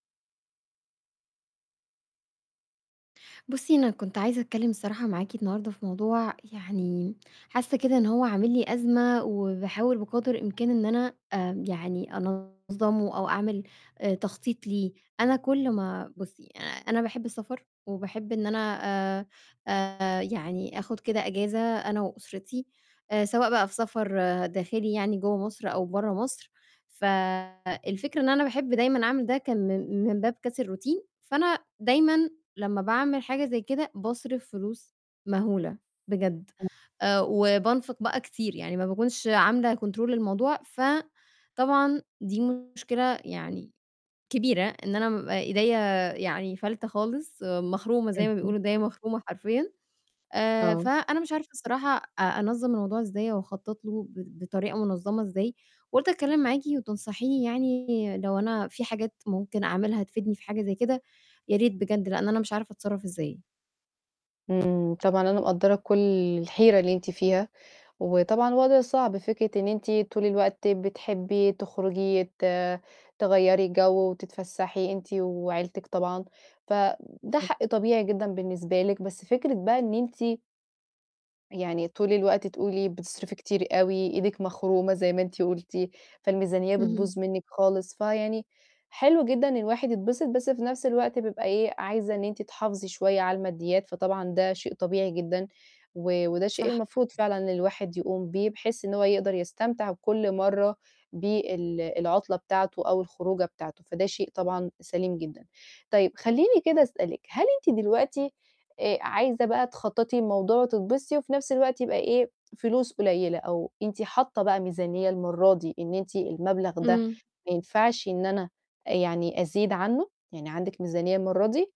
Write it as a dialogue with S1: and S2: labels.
S1: بُصّي أنا كنت عايزة أتكلّم الصراحة معاكِ النهارده في موضوع يعني، حاسّة كده إن هو عامل لي أزمة وباحاول بقَدر الإمكان إن أنا آمم يعني أنظّمه أو أعمل آآ تخطيط ليه، أنا كل ما بُصّي أ أنا باحب السَفر وباحب إن أنا آآ آآ يعني آخُد كده إجازة أنا وأُسرتي، آآ سواء بقى في سَفر داخلي يعني جوّا مصر أو برّا مصر، فالفكرة إن أنا باحب دايمًا أعمل ده كان من من باب كَسر الroutine، فأنا دايمًا لمّا باعمل حاجة زي كده باصرِف فلوس مَهولة بجد آآ وبانفِق بقى كتير يعني ما باكونش عاملة control للموضوع، فطبعًا دي مشكلة يعني كبيرة إن أنا بابقى إيديّا يعني فالتة خالص مَخرومة زي ما
S2: اهم.
S1: بيقولوا إيديّا مَخرومة حرفيًا، آآ
S2: آه.
S1: فأنا مش عارفة الصراحة أ أنظّم الموضوع إزاي أو أخطط له ب بطريقة منظّمة إزاي وقُلت أتكلّم معاكِ وتنصحيني يعني لو أنا في حاجات ممكن أعملها تفيدني في حاجة زي كده، يا ريت بجد لإن أنا مش عارفة أتصرّف إزاي.
S2: إمم، طبعًا أنا مقدّرة كل الحيرة اللي أنتِ فيها وطبعًا وَضع صعب فكرة إن أنتِ طول الوقت بتحبّي تخرُجي ت تغيّري جَو وتتفسّحي أنتِ وعيلتِك طبعًا، فده حق
S1: بالضبط.
S2: طبيعي جدًا بالنسبة لِك، بس فكرة بقى إن أنتِ يعني طول الوقت تقولي بتصرفي كتير أوي، إيدكِ مَخرومة زي ما أنتِ قُلتِ، فالميزانية
S1: اهم.
S2: بتبوظ منِّك خالص، فيعني حلو جدًا إن الواحد يتبسط، بس في نَفْس الوقت بيبقى إيه، عايزة إن أنتِ تحافظي شوية على الماديّات، فطبعًا ده شيء طبيعي جدًا، و وده شيء
S1: صح.
S2: المفروض فعلًا إن الواحد يقوم بيه بحيث إن هو يقدر يستمتع كل مرّة بال العُطلة بتاعته أو الخروجة بتاعته، فده شيء طبعًا سَليم جدًا. طيب خلّيني كده أسألِك، هل أنتِ دلوقتي آآ عايزة بقى تخطّطي الموضوع وتتبسطي وفي نَفْس الوقت يبقى إيه، فلوس قُليّلة أو أنتِ حاطّة بقى ميزانية المرادي إن أنتِ المَبلغ ده
S1: إمم.
S2: ما ينفعش إن أنا آآ يعني أزيد عنّه؟ يعني عندِك ميزانية المرة دي؟